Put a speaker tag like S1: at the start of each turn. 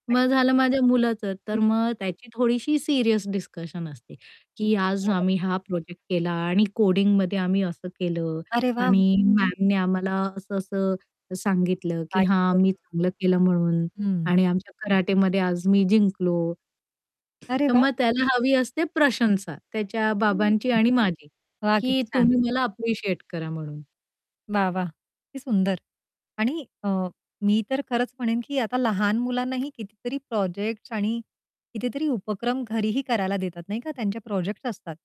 S1: मग
S2: आणि
S1: झालं माझ्या मुलाचं,
S2: हं.
S1: तर मग त्याची थोडीशी सीरियस डिस्कशन असते की "आज
S2: बरं.
S1: आम्ही हा प्रोजेक्ट केला आणि कोडिंगमध्ये आम्ही असं केलं.
S2: अरे वाह!
S1: आणि मॅमने आम्हाला असं-असं सांगितलं की
S2: काय
S1: 'हां,
S2: शिकवल?
S1: मी चांगलं केलं म्हणून'
S2: हं.
S1: आणि आमच्या कराटेमध्ये आज मी जिंकलो."
S2: अरे,
S1: तर
S2: वाह!
S1: मग त्याला हवी असते प्रशंसा, त्याच्या
S2: हं, हं.
S1: बाबांची आणि माझी
S2: वाह!
S1: की
S2: किती छान!
S1: तुम्ही मला अप्रिशिएट करा म्हणून.
S2: वाह, वाह! किती सुंदर. आणि अ, मी तर खरंच म्हणेन की आता लहान मुलांनाही कितीतरी प्रोजेक्ट्स आणि कितीतरी उपक्रम घरीही करायला देतात नाही का त्यांचे प्रोजेक्ट्स असतात.